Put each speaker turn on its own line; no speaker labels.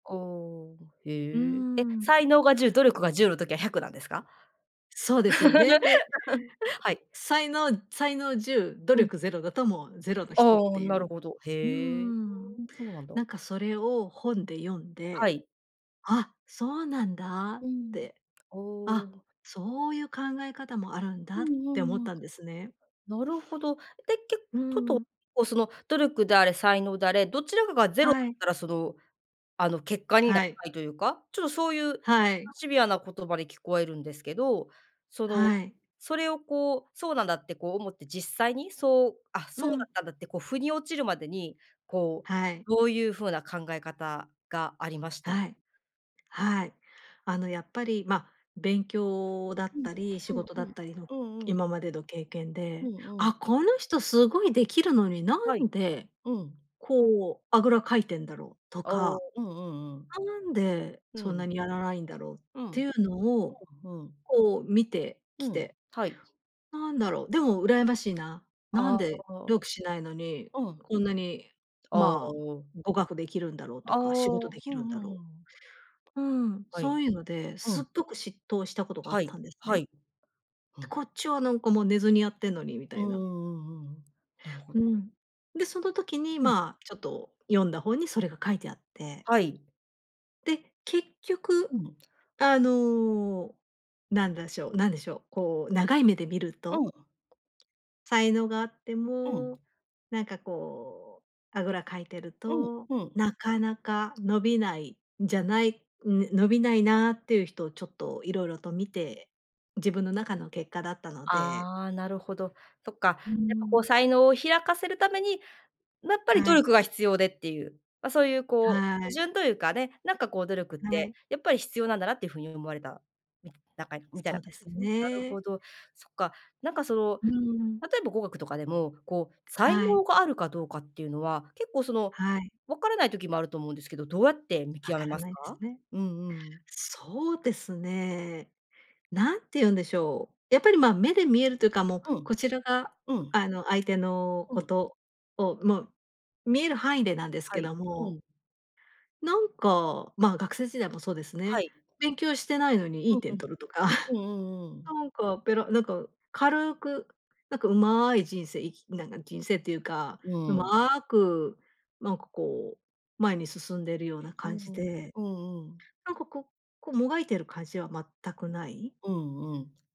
ああ、
う
へえ。え、
ん。
才能が10、努力が10の時は100なんですか？
そうですよね。で、
はい。
才能才能10、努
うん。
力０だともう０の
あ
人って
あ、
い
なる
う。
ほど。
うー
へえ。
ん。
ふーん、そうなんだ。
なんかそれを本で読ん
は
で、
い。
あ、そうなんだっ
うん。
て。
お
あ、
お。
そういう考え方もあるん
う
だっ
んう
て思っ
んうん。
たんですね。
なるほど。で、け
う
とっと、
ん。
こうその努力であれ才能であれ、どちらかが０だ
は
っ
い。
たら、その、あの結果にな
は
ら
い。
ないというか、ちょっとそういう
はい。
シビアな言葉に聞こえるんですけど、その、
はい。
それをこう、そうなんだってこう思って実際にそう、あ、
う
そうだっ
ん。
たんだってこう腑に落ちるまでに、こう
はい。
どういう風な考え方がありました？
はい。はい。あのやっぱり、ま、勉強だっ
うん、
たり仕
うん
事だ
う
っ
ん、
たりの
うんうん。
今までの経験
う
で、
んうん。
「あ、この人すごいできるのにな
はい、
んで
うん。
こうあぐらかいてんだろう？」と
お
か。
お、うんうん
何で
う
そん
ん。う
な
ん。
にやらないんだろうっ
う
てい
ん、
うの
ふ
を
んふん。
こう見て
う
き
ん、
て。
はい。
何だろう、でも羨ましいな。な
あ
ん
あ、
で努
お。
力しないのに、
うん。
こんなに
ああ、
まあ
お。
語学できるんだろう
あ
と
あ、
か、仕事で
ふ
きる
ん
ん
ふ
だ
んふ
ろ
ん。
う。うん、
は
そ
い。
ういうので、
う
すっ
ん。
ごく嫉妬したことがあ
は
っ
い
たんです
は
ね。
い。うん。
こっちはなんかもう寝ずにやってんのにみた
うん
い
うん
な。
うんうんうん、なるほ
う
ど。
ん。で、その時に
うん。
まあ、ちょっと読んだ本にそれが書いてあって。
はい。
で、結局
うん。
あのなんだしょうなんでしょう、こう長い目で見る
う
と。
ん。
才能があって
う
も、
ん。
なんかこうあぐらかいてる
うん、
と、
うん。
なかなか伸びないんじゃない。ん、ね、伸びないなっていう人をちょっと色々と見て、自分の中の結果だったので。
ああ、なるほど。そっか、やっ
う
ぱこう
ん。
才能を開かせるために、やっぱり
は
努
い。
力が必要でっていう、ま、そういうこ
は
う、基
い。
準というかね、なんかこう努力っ
は
て
い。
やっぱり必要なんだなっていうふうに思われた、みなんか、みたい
そ
な
う
感
で
じで
す
すね。なるほ
ね。
ど。そっか、なんかその、
うん。
例えば語学とかでも、こう、才
はい。
能があるかどうかっていうのは、結構その、
はい。
わからない時もあると思うんですけど、どうやって見
分
極め
から
ます
ないです
か？
ね。
うんうん。
そうですね。何て言うんでしょう、やっぱりまあ目で見えるというかもう、
うん。
こちらが
うん。
あの相手の
う
こ
ん。
とをもう見える範囲でなんです
は
け
い、
ど
う
も
ん。
なんかまあ、学生時代もそうです
は
ね。
い。
勉強してないのにい
う
い
んう
点
ん。
取るとか、
う んうんうん。
なんかペラなんか軽くなんかうまい人生生きなんか人生っていうか、
う
う
ん。
まくなんかこう前に進んでるような
う
感
ん
じ
うん、
で。
うんうん。
なんかこうこう、もがいてる感じは全くない。
うんうん。